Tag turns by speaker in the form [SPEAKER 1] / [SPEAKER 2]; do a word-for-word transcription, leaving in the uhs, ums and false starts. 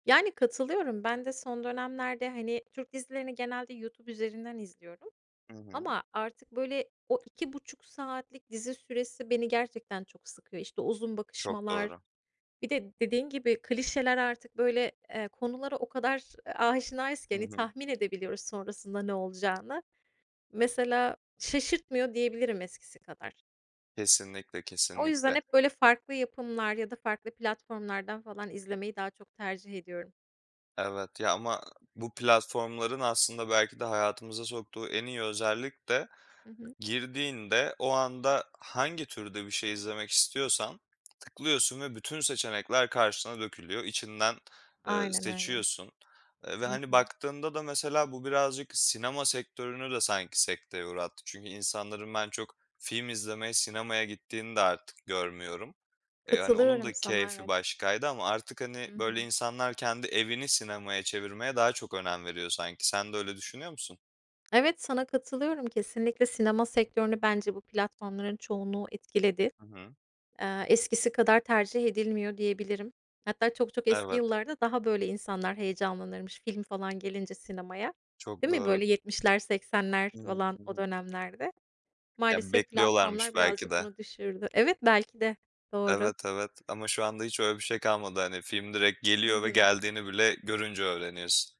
[SPEAKER 1] Yani, katılıyorum. Ben de son dönemlerde, hani, Türk dizilerini genelde YouTube üzerinden izliyorum
[SPEAKER 2] Hı hı.
[SPEAKER 1] ama artık, böyle, o iki buçuk saatlik dizi süresi beni gerçekten çok sıkıyor. İşte, uzun
[SPEAKER 2] Çok
[SPEAKER 1] bakışmalar
[SPEAKER 2] doğru.
[SPEAKER 1] Bir de dediğin gibi klişeler artık, böyle, eee, konulara o kadar, eee, aşinayız ki,
[SPEAKER 2] Hı hı,
[SPEAKER 1] hani,
[SPEAKER 2] hı
[SPEAKER 1] tahmin
[SPEAKER 2] hı.
[SPEAKER 1] edebiliyoruz sonrasında ne olacağını. Mesela şaşırtmıyor, diyebilirim eskisi kadar.
[SPEAKER 2] Kesinlikle,
[SPEAKER 1] O yüzden
[SPEAKER 2] kesinlikle.
[SPEAKER 1] hep, böyle, farklı yapımlar ya da farklı platformlardan falan izlemeyi daha çok tercih ediyorum.
[SPEAKER 2] Evet. Ya, ama bu platformların aslında belki de hayatımıza soktuğu en iyi özellik de
[SPEAKER 1] Hı hı.
[SPEAKER 2] girdiğinde o anda hangi türde bir şey izlemek istiyorsan tıklıyorsun ve bütün seçenekler karşına dökülüyor, içinden, eee,
[SPEAKER 1] Aynen öyle.
[SPEAKER 2] seçiyorsun. Eee, ve,
[SPEAKER 1] Hı
[SPEAKER 2] hani,
[SPEAKER 1] hı.
[SPEAKER 2] baktığında da mesela bu birazcık sinema sektörünü de sanki sekteye uğrattı çünkü insanların ben çok film izlemeye sinemaya gittiğini de artık görmüyorum. E, hani, onun
[SPEAKER 1] Katılıyorum
[SPEAKER 2] da
[SPEAKER 1] sana,
[SPEAKER 2] keyfi
[SPEAKER 1] evet.
[SPEAKER 2] başkaydı ama artık, hani,
[SPEAKER 1] Hı
[SPEAKER 2] böyle,
[SPEAKER 1] hı.
[SPEAKER 2] insanlar kendi evini sinemaya çevirmeye daha çok önem veriyor sanki. Sen de öyle düşünüyor musun?
[SPEAKER 1] Evet, sana katılıyorum, kesinlikle sinema sektörünü bence bu platformların çoğunluğu etkiledi.
[SPEAKER 2] Hı hı.
[SPEAKER 1] Eee, eskisi kadar tercih edilmiyor, diyebilirim. Hatta çok çok eski
[SPEAKER 2] Evet.
[SPEAKER 1] yıllarda daha böyle insanlar heyecanlanırmış film falan gelince sinemaya.
[SPEAKER 2] Çok
[SPEAKER 1] Değil mi?
[SPEAKER 2] doğru.
[SPEAKER 1] Böyle, yetmişler seksenler
[SPEAKER 2] Hı hı,
[SPEAKER 1] falan
[SPEAKER 2] hı
[SPEAKER 1] o
[SPEAKER 2] hı.
[SPEAKER 1] dönemlerde.
[SPEAKER 2] Ya,
[SPEAKER 1] Maalesef
[SPEAKER 2] bekliyorlarmış
[SPEAKER 1] platformlar
[SPEAKER 2] belki
[SPEAKER 1] birazcık
[SPEAKER 2] de.
[SPEAKER 1] bunu düşürdü. Evet, belki de doğru.
[SPEAKER 2] Evet, evet. Ama şu anda hiç öyle bir şey kalmadı, hani, film direkt
[SPEAKER 1] Hı
[SPEAKER 2] geliyor ve
[SPEAKER 1] hı.
[SPEAKER 2] geldiğini bile görünce öğreniyorsun.